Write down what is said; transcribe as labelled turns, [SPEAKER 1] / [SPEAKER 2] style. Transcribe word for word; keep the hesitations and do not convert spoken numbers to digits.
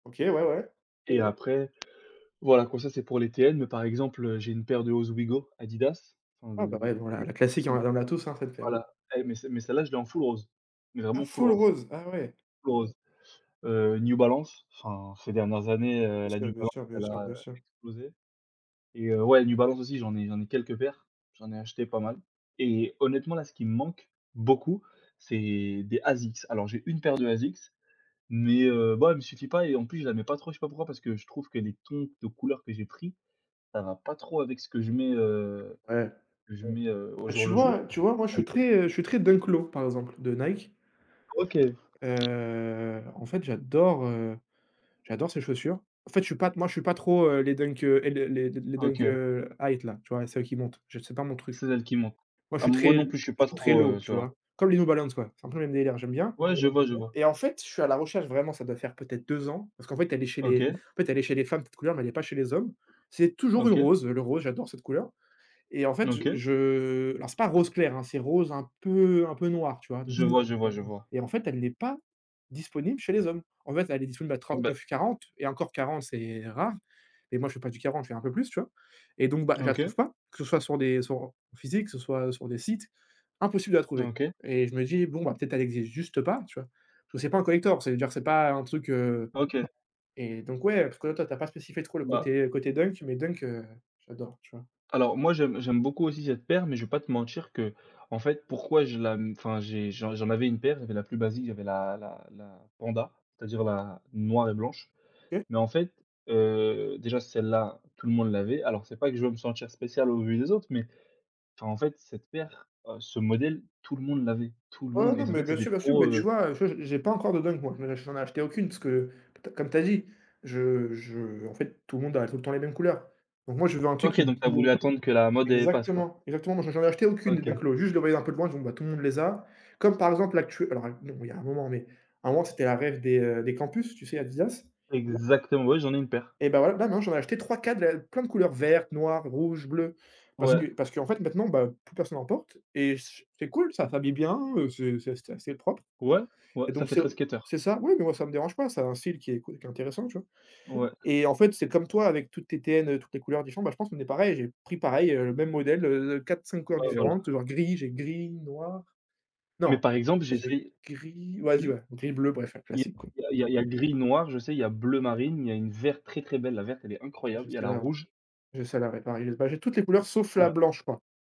[SPEAKER 1] OK, ouais, ouais.
[SPEAKER 2] Et après, voilà, donc ça, c'est pour les TN, mais par exemple, heu, j'ai une paire de Ozweego, Adidas, enfin
[SPEAKER 1] Ouais, bah,
[SPEAKER 2] de
[SPEAKER 1] ouais voilà, la classique hein. On
[SPEAKER 2] [unintelligible]
[SPEAKER 1] a dans la tous, hein, cette paire.
[SPEAKER 2] voilà et mais, celle mais celle-là, je l'ai en full rose,
[SPEAKER 1] Ah
[SPEAKER 2] vraiment full
[SPEAKER 1] full
[SPEAKER 2] rose
[SPEAKER 1] rose? Ah ouais!
[SPEAKER 2] full rose, heu, New Balance. Enfin ces dernières années,
[SPEAKER 1] Oui
[SPEAKER 2] heu,
[SPEAKER 1] bien
[SPEAKER 2] la New
[SPEAKER 1] sûr. Bien
[SPEAKER 2] Balance,
[SPEAKER 1] sûr. Bien
[SPEAKER 2] elle
[SPEAKER 1] sûr.
[SPEAKER 2] a, heu,
[SPEAKER 1] Bien sûr.
[SPEAKER 2] explosé et heu, ouais, New Balance aussi, j'en ai j'en ai quelques paires. J'en ai acheté pas mal et honnêtement là, ce qui me manque, beaucoup, c'est des Asics. Alors j'ai une paire de Asics, mais, heu, bon elle me suffit pas et en plus je la mets pas trop, je sais pas pourquoi, parce que je trouve que les tons de couleur que j'ai pris, ça va pas trop avec ce que je mets, heu,
[SPEAKER 1] Ouais.
[SPEAKER 2] je mets au
[SPEAKER 1] Bah
[SPEAKER 2] jour
[SPEAKER 1] tu
[SPEAKER 2] le jour.
[SPEAKER 1] vois tu vois moi je suis très, heu, je suis très Dunk Low, par exemple de Nike.
[SPEAKER 2] OK.
[SPEAKER 1] Heu, en fait j'adore, heu, j'adore ces chaussures. En fait, je suis pas moi je suis pas trop, heu, les Dunk, heu, les les les Dunk,
[SPEAKER 2] OK.
[SPEAKER 1] heu, High t là, tu vois? Celles qui montent. Je c'est pas mon truc.
[SPEAKER 2] C'est celle qu'il me manque.
[SPEAKER 1] Moi je
[SPEAKER 2] Ah
[SPEAKER 1] suis
[SPEAKER 2] moi
[SPEAKER 1] très
[SPEAKER 2] non plus, je suis
[SPEAKER 1] je
[SPEAKER 2] pas
[SPEAKER 1] suis très
[SPEAKER 2] trop, heu,
[SPEAKER 1] Low, tu
[SPEAKER 2] cela.
[SPEAKER 1] vois? Comme les New Balance ouais, c'est un peu le même délire, ouais, j'aime bien
[SPEAKER 2] Ouais, je vois, je vois.
[SPEAKER 1] et en fait, je suis à la recherche vraiment, ça doit faire peut-être deux ans, parce qu'en fait, elle est chez les
[SPEAKER 2] OK.
[SPEAKER 1] en fait elle est chez les femmes, cette couleur, mais elle est pas chez les hommes. C'est toujours le
[SPEAKER 2] OK.
[SPEAKER 1] rose. Le rose, j'adore cette couleur et en fait, je
[SPEAKER 2] OK.
[SPEAKER 1] je alors c'est pas rose clair hein, c'est rose un peu, heu, un peu noir, tu vois? Donc
[SPEAKER 2] Je
[SPEAKER 1] c'est
[SPEAKER 2] vois, je vois, je vois.
[SPEAKER 1] et en fait, elle l'est pas disponible chez les hommes. En fait, elle est disponible à
[SPEAKER 2] Ben
[SPEAKER 1] trente-neuf-quarante et encore quarante, c'est rare et moi, je fais pas du quarante, je fais un peu plus, tu vois? Et donc bah, je la
[SPEAKER 2] OK.
[SPEAKER 1] trouve pas, que ce soit sur des sur en en physique, que ce soit sur des sites, impossible de la trouver
[SPEAKER 2] OK.
[SPEAKER 1] et je me dis: «Bon bah, peut-être elle existe juste pas», tu vois? Parce que c'est pas un collector. Ça veut dire c'est pas un truc, heu
[SPEAKER 2] OK.
[SPEAKER 1] et donc ouais, parce que, là, toi tu as pas spécifié trop le
[SPEAKER 2] Bah
[SPEAKER 1] côté, côté Dunk mais Dunk, heu, j'adore, tu vois?
[SPEAKER 2] Alors moi, j'aime j'aime beaucoup aussi cette paire, mais je vais pas te mentir qu'en fait, pourquoi je la, mmh, enfin, j'ai j'en j'en avais une paire, il y avait la plus basique, il y avait la la la Panda. C'est-à-dire, la noire et blanche.
[SPEAKER 1] OK.
[SPEAKER 2] Mais en fait, heu, déjà celle-là, tout le monde l'avait. Alors, c'est pas que je veux me sentir spécial au vu des autres, mais enfin en fait, cette paire ce modèle, tout le monde l'avait, tout le
[SPEAKER 1] Oh
[SPEAKER 2] monde
[SPEAKER 1] non,
[SPEAKER 2] et en
[SPEAKER 1] mais
[SPEAKER 2] fait
[SPEAKER 1] bien
[SPEAKER 2] c'était
[SPEAKER 1] sûr, bien sûr,
[SPEAKER 2] trop,
[SPEAKER 1] mais
[SPEAKER 2] heu
[SPEAKER 1] tu vois? Tu vois, j'ai j'ai pas encore de Dunk, moi, j j'en ai acheté aucune, parce que t comme tu as dit, je je en fait tout le monde a tout le temps les mêmes couleurs. Donc moi je veux un truc
[SPEAKER 2] OK,
[SPEAKER 1] qui
[SPEAKER 2] donc tu as voulu attendre que la mode, elle passe quoi?
[SPEAKER 1] exactement! Exactement, moi j'en acheté aucune de Dunk
[SPEAKER 2] OK.
[SPEAKER 1] Low, juste je les voyais un peu de loin, je me dis: «Tout le monde les a». Comme par exemple, là actu alors non, il y a un moment mais à un moment c'était un rêve des, heu, des campus, tu sais Adidas?
[SPEAKER 2] Exactement, ouais, j'en ai une paire.
[SPEAKER 1] Eh ben ouais, ben non j'en acheté trois-quatre de la plein de couleurs vertes, noires, rouges, bleues, parce que
[SPEAKER 2] Ouais.
[SPEAKER 1] parce qu'en fait, maintenant ben, plus personne en porte et che c'est cool, ça fabille bien, heu, c'est c'est c'est assez propre
[SPEAKER 2] Ouais, ouais,
[SPEAKER 1] et
[SPEAKER 2] ça
[SPEAKER 1] donc
[SPEAKER 2] fait
[SPEAKER 1] c'est
[SPEAKER 2] très skateur.
[SPEAKER 1] c'est ça, oui, mais moi ça me dérange pas, c'est un style qui est c qui est intéressant, tu vois?
[SPEAKER 2] Ouais.
[SPEAKER 1] Et en fait, c'est comme toi avec toutes tes TN, toutes les couleurs différentes, bah, je pense qu'on est pareil. J'ai pris pareil, heu, le même modèle, heu, de quatre-cinq couleurs
[SPEAKER 2] Ouais, voilà.
[SPEAKER 1] différentes, alors gris j'ai gris, noir
[SPEAKER 2] Mais,
[SPEAKER 1] non,
[SPEAKER 2] par exemple,
[SPEAKER 1] j'ai
[SPEAKER 2] j'essaye.
[SPEAKER 1] gris, vas-y
[SPEAKER 2] Y
[SPEAKER 1] ouais, gris bleu, bref un
[SPEAKER 2] il
[SPEAKER 1] classique quoi.
[SPEAKER 2] y a il y a il y a gris noir, je sais, il y a bleu marine, il y a une verte très, très belle. La verte elle est
[SPEAKER 1] Ah, j'ai
[SPEAKER 2] incroyable. Il y a la
[SPEAKER 1] celle-là.
[SPEAKER 2] rouge.
[SPEAKER 1] J'ai celle-là, ouais pareil, bah, j'ai toutes les couleurs sauf la
[SPEAKER 2] Voilà.
[SPEAKER 1] blanche quoi.